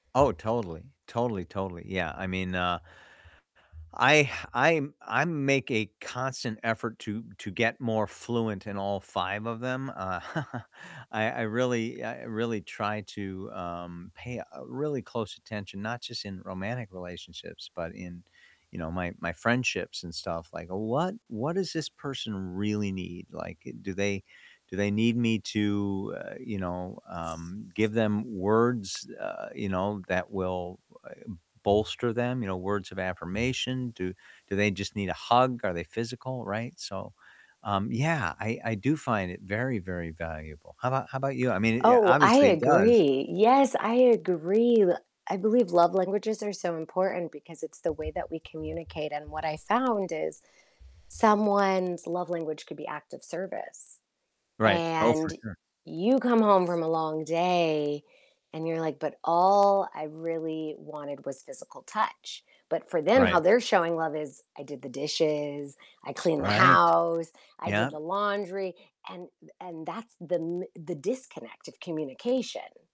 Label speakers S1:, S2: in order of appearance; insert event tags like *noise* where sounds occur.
S1: Oh, totally. Totally, totally, yeah, I mean, uh, I I I make a constant effort to to get more fluent in all 5 of them, uh, *chuckles* I I really I really try to, um, pay, uh, really close attention, not just in romantic relationships, but in, you know, my my friendships and stuff, like, "What what does this person really need?" Like, do they do they need me to, uh, you know, um, give them words, uh, you know, that will u e bolster them? You know, words of affirmation? Do do they just need a hug? Are they physical, right? So, um, yeah, I I do find it very, very valuable. How about how about you? I mean, y a
S2: Oh, I
S1: obviously it does.
S2: agree. Yes, I agree. I believe love languages are so important because it's the way that we communicate, and what I found is someone's love language could be act of service,
S1: Right. Oh, for
S2: and
S1: sure.
S2: you come home from a long day and you're like, "But all I really wanted was physical touch." But for them, how
S1: Right.
S2: they're showing love is, "I did the dishes, I cleaned the
S1: Right.
S2: house, I did
S1: Yep.
S2: the laundry" and and that's the m the disconnect of communication.